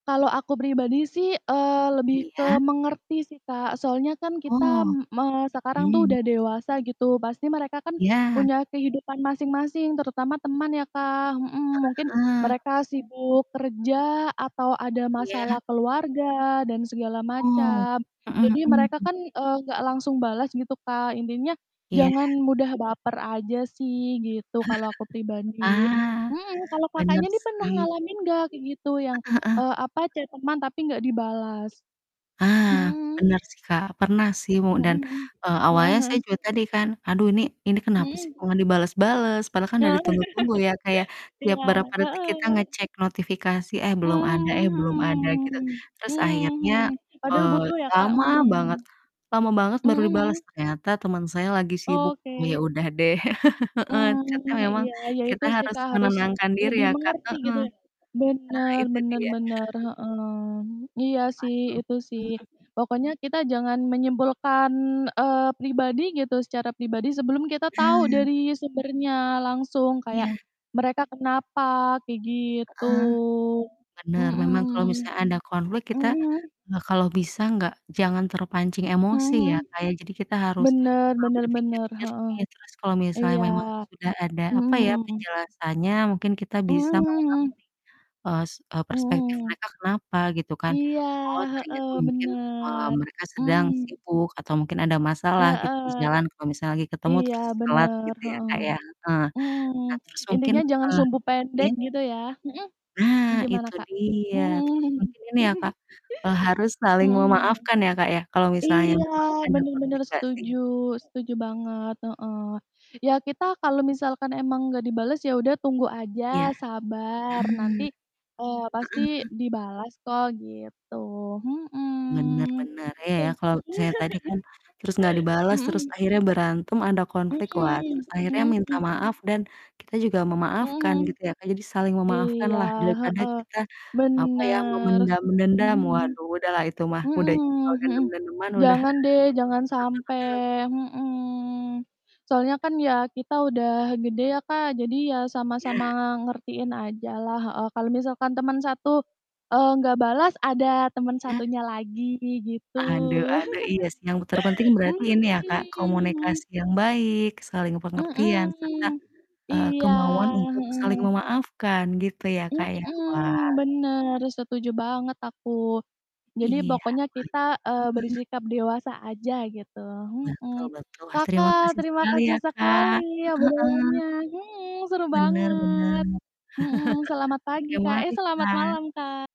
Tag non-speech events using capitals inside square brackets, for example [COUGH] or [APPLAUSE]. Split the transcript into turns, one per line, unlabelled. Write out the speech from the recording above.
Kalau aku pribadi sih, eee, lebih
Iya.
ke mengerti sih Kak, soalnya kan kita,
Oh.
me sekarang tuh
Mhm.
udah dewasa gitu, pasti mereka kan
Iya.
punya kehidupan masing-masing, terutama teman ya, Kak, mhm. Mungkin,
Heeh heeh.
mereka sibuk kerja atau ada
Iya.
masalah keluarga dan segala
Oh,
macam.
mhm
Jadi mereka
mhm.
kan, eee, enggak langsung balas gitu Kak. Intinya,
Iya.
jangan mudah baper aja sih,
[CHUCKLES]
gitu, kalau aku pribadi.
Ah,
Hmm. Kalau
benar
Kakaknya nih pernah
sih.
ngalamin nggak, kayak gitu, yang,
Heeh heeh.
eee, apa, chat teman tapi nggak dibalas?
I ah,
Mmm.
benar sih, Kak. Pernah sih mu
Mhm
dan,
mhm,
eee,
heeh
awalnya saya
heeh.
juga tadi kan, aduh ini ini kenapa sih
Mhm.
kok nggak dibalas-balas, padahal kan
Heeh,
udah ditunggu-tunggu ya, Kak, ya,
[CHUCKLES]
tiap
iya,
berapa detik kita
heeh.
ngecek notifikasi, eh belum ada eh belum ada,
Mmm,
gitu.
mhm.
Terus akhirnya,
Mhm. Padahal
eee,
butuh ya, Kak,
lama banget
mhm.
lama banget
Mhm
baru dibalas,
mhm?
ternyata teman saya lagi sibuk. Oh, ya
Oke.
udah deh, [CHUCKLES] heeh,
Mmm,
chat-nya
iya
memang
iya, ya
kita
itu sih,
harus
Kak, harus, eee,
menenangkan diri
lebih
ya, Kak,
mengerti
heeh.
gitu ya.
Nah,
Benar
itu
benar
dia.
benar,
[CHUCKLES]
heeh. Iya sih,
Waduh.
itu sih.
Mhm.
Pokoknya kita jangan menyimpulkan, eee, pribadi gitu, secara pribadi, sebelum kita tahu
Nah.
dari sumbernya langsung kayak,
Iya.
mereka kenapa kayak gitu,
Heeh, benar, memang kalau misal
mhm.
ada konflik
Mhm
kita,
mhm.
eee, kalau bisa nggak jangan terpancing
Mhm
emosi
mhm,
ya, Kak, ya. Jadi kita harus,
benar
mau
benar
berpikir
benar, heeh.
jernih, terus kalau misalnya
Iya.
memang sudah ada, apa ya,
Mhm.
penjelasannya mungkin kita
Mmm,
bisa
mhm
memahami,
mhm.
es eee, prespektif
Mhm.
mereka kenapa, gitu kan.
Iya,
Oh
heeh,
ternyata mungkin, eee,
benar.
mereka sedang
Mhm.
sibuk atau mungkin ada masalah gitu, di
Heeh,
jalan, kalau misalnya lagi ketemu,
iya
terus telat
benar,
gitu ya,
heeh.
Kak, ya. Heeh,
Mhm.
nah terus mungkin,
Intinya jangan
eee,
sumbu pendek
iya?
gitu ya mhm,
Ah,
gimana
itu
Kak?
dia,
Mhm
terus mungkin
mhm.
ini ya, Kak,
[CHUCKLES]
eee, harus saling
Mhm.
memaafkan ya, Kak, ya, kalau misalnya
Iya,
memang ada
benar benar
konflik nggak sih?
setuju setuju banget, heeh. Ya kita kalau misalkan emang nggak dibalas, ya udah tunggu aja,
Iya, nah,
sabar, nanti,
heeh
eee, pasti
heeh.
dibalas kok, gitu.
Benar
Mhm,
benar. Iya
se
ya, kalau misalnya tadi kan, terus nggak
[CHUCKLES]
dibalas,
mhm.
terus akhirnya berantem ada
Mhm,
konflik, wah, terus akhirnya
mhm
minta
mhm.
maaf, dan kita juga
Mhm
memaafkan
mhm.
gitu ya, Kak. Jadi saling memaafkan
Iya,
lah, daripada
heeh.
kita, apa ya,
Benar
memendam
sih, mhm
dendam,
mhm.
waduh, udahlah itu mah,
Mhm
udah jadi kalau
mhm,
dendam-dendaman udah [CHUCKLES]
jangan deh, jangan sampai
mhm mhm.
mhm. Soalnya kan ya, kita udah gede ya, Kak, jadi ya sama-sama
Iya.
ngertiin aja lah heeh. Kalau misalkan teman satu, eee, nggak balas, ada teman
Iya.
satunya lagi, gitu.
Aduh aduh, iya sih yang terpenting berarti
[CHUCKLES]
ini
Mhm,
ya, Kak,
hmm.
komunikasi yang baik, saling pengertian serta,
Mmm.
eee,
Iya,
kemauan
heeh
untuk saling
heeh.
memaafkan gitu ya, Kak, ya. Wah.
Mmm, benar, setuju banget aku. Jadi
Iya,
pokoknya kita, eee,
wah. Heeh heeh.
bersikap dewasa aja gitu.
Betul
Mhm.
betul. Wah, terima
Kakak,
kasih
terima
sekali
kasih
ya,
sekali
Kak. Heeh heeh.
obrolannya mhm, seru
Benar benar.
banget.
[CHUCKLES]
Mhm, selamat pagi
Oke,
Kak eh,
mari,
selamat
Kak.
malam Kak.